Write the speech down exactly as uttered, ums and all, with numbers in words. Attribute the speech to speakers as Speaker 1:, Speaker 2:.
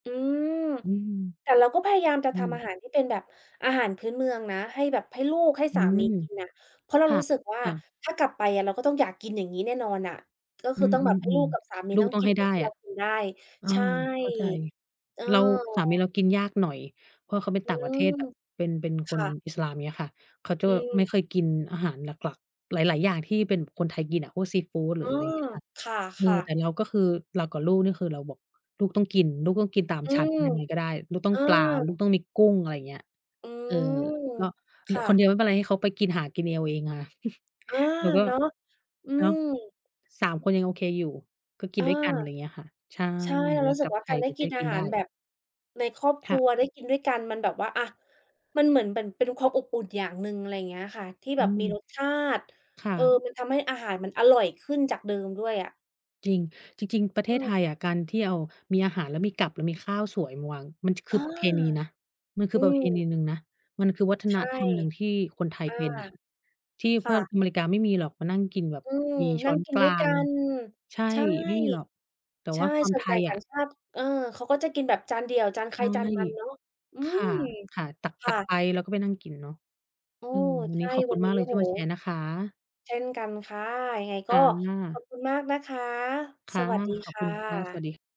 Speaker 1: อืม
Speaker 2: อืม
Speaker 1: แต่เราก็พยายามจะ
Speaker 2: อื
Speaker 1: ทำอ
Speaker 2: ม
Speaker 1: าหารที่เป็นแบบอาหารพื้นเมืองนะ ให้แบบ ให้ลูกให้
Speaker 2: อื
Speaker 1: สามี
Speaker 2: ม
Speaker 1: กินน่ะ เพราะเรา
Speaker 2: ค่
Speaker 1: ร
Speaker 2: ะ
Speaker 1: ู้สึกว่า
Speaker 2: ค่ะ
Speaker 1: ถ้ากลับไปอะเราก็ต้องอยากกินอย่างงี้แน่นอนอะ ก็
Speaker 2: อ
Speaker 1: ค
Speaker 2: ื
Speaker 1: ือต้องแบบให้ลู
Speaker 2: ม
Speaker 1: กกับส
Speaker 2: ๆ
Speaker 1: ามี
Speaker 2: ๆ ลู
Speaker 1: ต
Speaker 2: ก
Speaker 1: ้อง
Speaker 2: ต้อ
Speaker 1: ก
Speaker 2: ง
Speaker 1: ิ
Speaker 2: ให
Speaker 1: น
Speaker 2: ้
Speaker 1: เห
Speaker 2: ไ
Speaker 1: มื
Speaker 2: ด
Speaker 1: อน
Speaker 2: ้
Speaker 1: ที่
Speaker 2: อ
Speaker 1: เร
Speaker 2: ะ
Speaker 1: ากินได้
Speaker 2: อา
Speaker 1: ใช่
Speaker 2: เข้าใจ
Speaker 1: เออ
Speaker 2: เรา สามีเรากินยากหน่อย เพราะเขาเป็น
Speaker 1: อื
Speaker 2: ต่างประเทศ
Speaker 1: ม
Speaker 2: แบบเป็น เป็นค
Speaker 1: ค
Speaker 2: น
Speaker 1: ่ะ
Speaker 2: อิสลาม เงี้ยค่ะ เขาจะ
Speaker 1: อื
Speaker 2: ไม
Speaker 1: ม
Speaker 2: ่ค่อยกินอาหารหลัก ๆ หลาย ๆ อย่างที่เป็นคนไทยกินอะ พวกซีฟูด หร
Speaker 1: เ
Speaker 2: ื
Speaker 1: อ
Speaker 2: อ
Speaker 1: อ
Speaker 2: อะไรเงี้ยค่ะ
Speaker 1: ค
Speaker 2: เออ
Speaker 1: ่ะ
Speaker 2: แต
Speaker 1: ๆ
Speaker 2: ่เราก็คือ เรากับลูกนี่คือเราบอก "ลูกต้องกิน ลูกต้องกินตาม
Speaker 1: อื
Speaker 2: ฉัน
Speaker 1: ม
Speaker 2: ยังไงก็ได้ ลูกต้อ
Speaker 1: อ
Speaker 2: ง
Speaker 1: า
Speaker 2: ปลา ลูกต้องมีกุ้ง" อะไรเงี้ย
Speaker 1: อื
Speaker 2: เออ
Speaker 1: ม
Speaker 2: ก็ เห
Speaker 1: ค
Speaker 2: ลือ
Speaker 1: ่
Speaker 2: คนเ
Speaker 1: ะ
Speaker 2: ดียวไม่เป็นไร ให้เขาไปกิน หากินเองเอาเองอะ
Speaker 1: อา
Speaker 2: แล้วก็
Speaker 1: เนาะ อื
Speaker 2: เนาะ
Speaker 1: ม
Speaker 2: สาม คนยังโอเคอยู่ ก็กิ
Speaker 1: เอ
Speaker 2: น
Speaker 1: อ
Speaker 2: ด้วยกัน ไรเงี้ยค่ะ ใช่
Speaker 1: ใช่ เร
Speaker 2: เ
Speaker 1: า
Speaker 2: วล
Speaker 1: รู
Speaker 2: า
Speaker 1: ้สึ
Speaker 2: กลั
Speaker 1: ก
Speaker 2: บ
Speaker 1: ว่า
Speaker 2: ไท
Speaker 1: กา
Speaker 2: ย
Speaker 1: รไ
Speaker 2: ไ
Speaker 1: ด
Speaker 2: ป
Speaker 1: ้
Speaker 2: จ
Speaker 1: ก
Speaker 2: ะ
Speaker 1: ิ
Speaker 2: ได้
Speaker 1: นอ
Speaker 2: กิ
Speaker 1: า
Speaker 2: น
Speaker 1: ห
Speaker 2: ได
Speaker 1: า
Speaker 2: ้
Speaker 1: รแบบ ในครอบค
Speaker 2: ค
Speaker 1: ร
Speaker 2: ่
Speaker 1: ั
Speaker 2: ะ
Speaker 1: ว ได้กินด้วยกัน มันแบบว่า อะ มันเหมือน เหมือนเป็นความอบอุ่นอย่างหนึ่ง อะไรเงี้ยค่ะ ที่
Speaker 2: อ
Speaker 1: แบบ มี
Speaker 2: ืม
Speaker 1: รสชาติ
Speaker 2: ค่
Speaker 1: เออ
Speaker 2: ะ
Speaker 1: มันทำให้อาหารมันอร่อยขึ้นจากเดิมด้วยอะ
Speaker 2: จริง จริง ๆ ประเท
Speaker 1: อื
Speaker 2: ศไท
Speaker 1: ม
Speaker 2: ยอะ การที่เอา มีอาหาร แล้วมีกับ แล้วมีข้าวสวยมาวาง มัน จ ค
Speaker 1: เอ
Speaker 2: ื
Speaker 1: อ
Speaker 2: อประเพณีนะ มันคื
Speaker 1: อื
Speaker 2: อประเ
Speaker 1: ม
Speaker 2: พณีหนึ่งนะ มันคือวัฒ
Speaker 1: ใ
Speaker 2: น
Speaker 1: ช่
Speaker 2: ธรรมหนึ่งที่คนไทย
Speaker 1: อา
Speaker 2: เป็นอะ ที่
Speaker 1: ค
Speaker 2: เพื
Speaker 1: ่
Speaker 2: ่อน
Speaker 1: ะ
Speaker 2: อเมริกาไม่มีหรอกมานั่งกินแบบ
Speaker 1: อืม
Speaker 2: มีช
Speaker 1: นั
Speaker 2: ้
Speaker 1: ่
Speaker 2: อ
Speaker 1: ง
Speaker 2: น
Speaker 1: กิ
Speaker 2: ก
Speaker 1: น
Speaker 2: ล
Speaker 1: ด้
Speaker 2: า
Speaker 1: วยก
Speaker 2: ง
Speaker 1: ัน
Speaker 2: ใช่
Speaker 1: ใช่
Speaker 2: ไม่มีหรอก แต่
Speaker 1: ใช
Speaker 2: ว
Speaker 1: ่
Speaker 2: ่าความ
Speaker 1: ส่
Speaker 2: ไ
Speaker 1: ว
Speaker 2: ท
Speaker 1: นใหญ๋
Speaker 2: ย
Speaker 1: ต
Speaker 2: อ
Speaker 1: ่า
Speaker 2: ะ
Speaker 1: งชาติ เออ เขาก็จะกินแบบจานเดี่ยว จานใค
Speaker 2: ใช
Speaker 1: ร
Speaker 2: ่
Speaker 1: จานมันเนาะ อื
Speaker 2: ค
Speaker 1: ม
Speaker 2: ่ะ ค่ะ ต
Speaker 1: ค่
Speaker 2: ัก
Speaker 1: ะ
Speaker 2: ๆ ไปแล้วก็ไปนั่งกินเนาะ
Speaker 1: เออ
Speaker 2: อืม วัน
Speaker 1: ใช
Speaker 2: นี้
Speaker 1: ่
Speaker 2: ขอบค
Speaker 1: ว
Speaker 2: ุ
Speaker 1: ั
Speaker 2: ณ
Speaker 1: น
Speaker 2: ม
Speaker 1: น
Speaker 2: า
Speaker 1: ี
Speaker 2: ก
Speaker 1: ้
Speaker 2: เล
Speaker 1: โอ
Speaker 2: ย
Speaker 1: ้
Speaker 2: ท
Speaker 1: โ
Speaker 2: ี
Speaker 1: ฮ
Speaker 2: ่มาแชร์นะคะ
Speaker 1: เช่นกันค่ะ ยังไงก
Speaker 2: ค
Speaker 1: ็
Speaker 2: ่
Speaker 1: ขอ
Speaker 2: ะ
Speaker 1: บคุณมากนะคะ
Speaker 2: ค่
Speaker 1: ส
Speaker 2: ะ
Speaker 1: วัสดี
Speaker 2: ขอ
Speaker 1: ค
Speaker 2: บค
Speaker 1: ่
Speaker 2: ุณค่ะ สวั
Speaker 1: ะ
Speaker 2: สดี